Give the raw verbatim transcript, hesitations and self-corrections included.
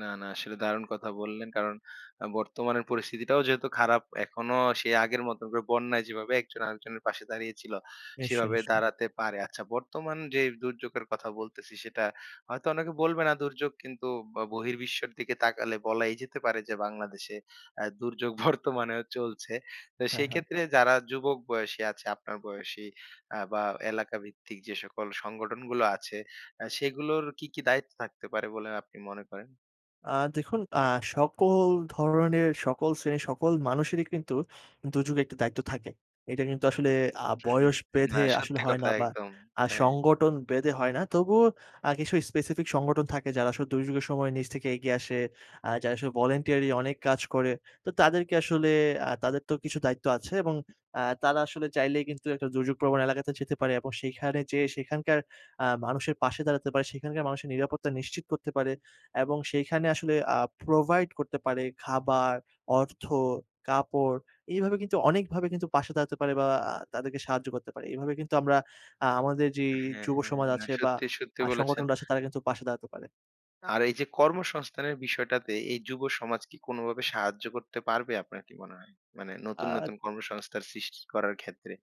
না, না আসলে দারুণ কথা বললেন। কারণ আ বর্তমানের পরিস্থিতিটাও যেহেতু খারাপ এখনো সে আগের মত করে বন্যায় যেভাবে একজন আরেকজনের পাশে দাঁড়িয়েছিল নিশ্চয়ই, সেভাবে নিশ্চয়ই। দাঁড়াতে পারে। আচ্ছা বর্তমান যে দুর্যোগের কথা বলতেছি সেটা হয়তো অনেকে বলবে না দুর্যোগ কিন্তু ব বহির্বিশ্বের দিকে তাকালে বলাই যেতে পারে যে বাংলাদেশে অ্যা দুর্যোগ বর্তমানেও চলছে। তো হ্যাঁ, হ্যাঁ। সেকেত্রে যারা যুবক বয়সী আছে আপনার বয়সী আ বা এলাকাভিত্তিক যে সকল সংগঠনগুলো আছে অ্যা সেগুলোর কি, কি দায়িত্ব থাকতে পারে বলে আপনি মনে করেন? আ দেখুন, আ সকল ধরনের সকল শ্রেণীর সকল মানুষেরই কিন্তু দুর্যোগের একটা দায়িত্ব থাকে। এটা কিন্তু আসলে আ হু, হু। বয়স না বেঁধে আসলে সত্যি হয় না কথা বা একদম। হ্যাঁ। সংগটন বেঁধে হয় না। তবুও আ কিছু specific সংগঠন থাকে যারা সু দুর্যোগের সময় নিজ থেকে এগিয়ে আসে। আ যারা আসলে ভলান্টিয়ারি অনেক কাজ করে। তো তাদেরকে আসলে আ তাদের তো কিছু দায়িত্ব আছে এবং আ তারা আসলে চাইলেই কিন্তু একটা দুর্যোগ প্রবণ এলাকাতে যেতে পারে এবং সেখানে যেয়ে সেখানকার আ মানুষের পাশে দাঁড়াতে পারে, সেখানকার মানুষের নিরাপত্তা নিশ্চিত করতে পারে। এবং সেইখানে আসলে আ provide করতে পারে খাবার, অর্থ, কাপড় এভাবে কিন্তু অনেকভাবে কিন্তু পাশে দাঁড়াতে পারে বা আ তাদেরকে সাহায্য করতে পারে। এভাবে কিন্তু আমরা আ আমাদের যেই হ্যাঁ, হ্যাঁ যুবসমাজ না আছে বা সত্যি, সত্যি আ বলেছেন। সংগঠনরা আছে তারা কিন্তু পাশে দাঁড়াতে পারে। আর এইযে কর্মসংস্থানের বিষয়টাতে এই যুব সমাজ কি কোনো বাবে সাহায্য করতে পারবে আপনার কি মনে হয়? মানে নতুন, আদ নতুন কর্মসংস্থান সৃষ্টি করার ক্ষেত্রে।